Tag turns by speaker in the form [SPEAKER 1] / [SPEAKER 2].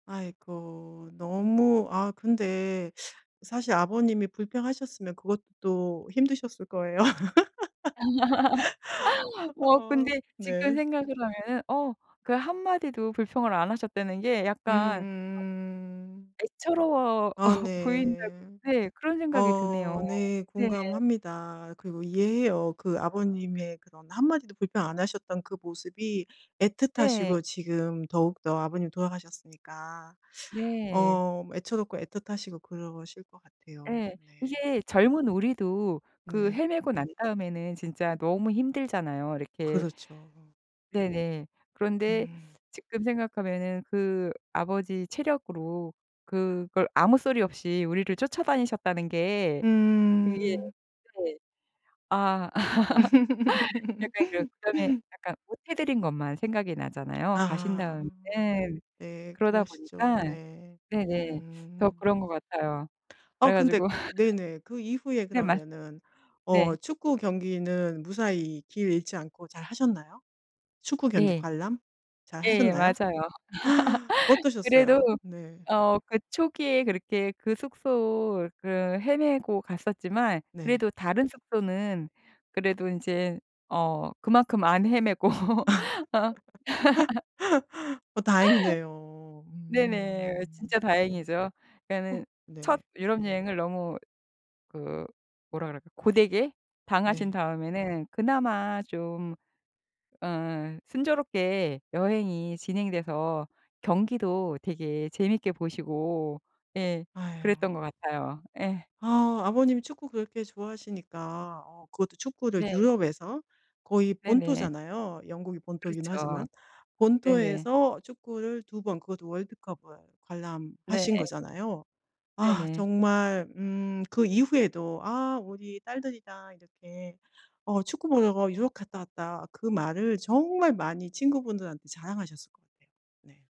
[SPEAKER 1] 아이고. 너무 아 근데 사실 아버님이 불평하셨으면 그것도 힘드셨을 거예요.
[SPEAKER 2] 아. 어 근데 지금
[SPEAKER 1] 네.
[SPEAKER 2] 생각을 하면은 어 그 한마디도 불평을 안 하셨다는 게 약간
[SPEAKER 1] 음음음음
[SPEAKER 2] 애처로워
[SPEAKER 1] 아
[SPEAKER 2] 보인다
[SPEAKER 1] 네
[SPEAKER 2] 네. 그런 생각이
[SPEAKER 1] 어
[SPEAKER 2] 드네요.
[SPEAKER 1] 네
[SPEAKER 2] 네.
[SPEAKER 1] 공감합니다 그리고 이해해요 그 아버님의 그런 한마디도 불평 안 하셨던 그 모습이
[SPEAKER 2] 네.
[SPEAKER 1] 애틋하시고 지금 더욱더 아버님이 돌아가셨으니까
[SPEAKER 2] 네.
[SPEAKER 1] 어 뭐 애처롭고 애틋하시고 그러실 것 같아요.
[SPEAKER 2] 네.
[SPEAKER 1] 네.
[SPEAKER 2] 이게 젊은 우리도 그
[SPEAKER 1] 네.
[SPEAKER 2] 헤매고 난 다음에는 진짜 너무 힘들잖아요. 이렇게
[SPEAKER 1] 그렇죠.
[SPEAKER 2] 네네. 그런데
[SPEAKER 1] 음.
[SPEAKER 2] 지금 생각하면은 그 아버지 체력으로 그걸 아무 소리 없이 우리를 쫓아다니셨다는 게 그게
[SPEAKER 1] 음.
[SPEAKER 2] 네. 아 약간 그 그다음에 약간 못 해 드린 것만 생각이 나잖아요 가신
[SPEAKER 1] 아.
[SPEAKER 2] 다음에. 네.
[SPEAKER 1] 네
[SPEAKER 2] 그러다
[SPEAKER 1] 그러시죠.
[SPEAKER 2] 보니까
[SPEAKER 1] 네.
[SPEAKER 2] 네네. 더
[SPEAKER 1] 음.
[SPEAKER 2] 그런 것 같아요.
[SPEAKER 1] 아
[SPEAKER 2] 그래
[SPEAKER 1] 근데
[SPEAKER 2] 가지고
[SPEAKER 1] 네네. 그 이후에
[SPEAKER 2] 네. 말씀하세요.
[SPEAKER 1] 그러면은 어
[SPEAKER 2] 네.
[SPEAKER 1] 축구 경기는 무사히 길 잃지 않고 잘 하셨나요? 축구 경기
[SPEAKER 2] 네.
[SPEAKER 1] 관람? 잘
[SPEAKER 2] 예
[SPEAKER 1] 하셨나요?
[SPEAKER 2] 맞아요. 그래도
[SPEAKER 1] 어떠셨어요? 네.
[SPEAKER 2] 어 그 초기에 그렇게 그 숙소를 헤매고 갔었지만
[SPEAKER 1] 네.
[SPEAKER 2] 그래도 다른 숙소는 그래도 인제 어 그만큼 안 헤매고.
[SPEAKER 1] 어 다행이네요.
[SPEAKER 2] 네네.
[SPEAKER 1] 음.
[SPEAKER 2] 진짜 다행이죠.
[SPEAKER 1] 어.
[SPEAKER 2] 그러니까 첫
[SPEAKER 1] 네.
[SPEAKER 2] 유럽 여행을 너무 그 뭐라 그럴까 고되게 당하신
[SPEAKER 1] 네.
[SPEAKER 2] 다음에는 그나마 좀 어 순조롭게 여행이 진행돼서 경기도 되게 재밌게 보시고 예.
[SPEAKER 1] 아유.
[SPEAKER 2] 그랬던 것 같아요. 예.
[SPEAKER 1] 아. 아버님이 축구 그렇게 좋아하시니까 어 그것도 축구를
[SPEAKER 2] 네.
[SPEAKER 1] 유럽에서 거의
[SPEAKER 2] 네네.
[SPEAKER 1] 본토잖아요 영국이 본토이긴
[SPEAKER 2] 그렇죠.
[SPEAKER 1] 하지만.
[SPEAKER 2] 네네.
[SPEAKER 1] 본토에서 축구를 2 번 그것도 월드컵을
[SPEAKER 2] 네.
[SPEAKER 1] 관람하신 거잖아요. 아
[SPEAKER 2] 네네.
[SPEAKER 1] 정말 음 그 이후에도 아 우리 딸들이 다 이렇게 어 축구 보러 유럽 갔다 왔다 그 말을 정말 많이 친구분들한테 자랑하셨을 것 같아요. 네.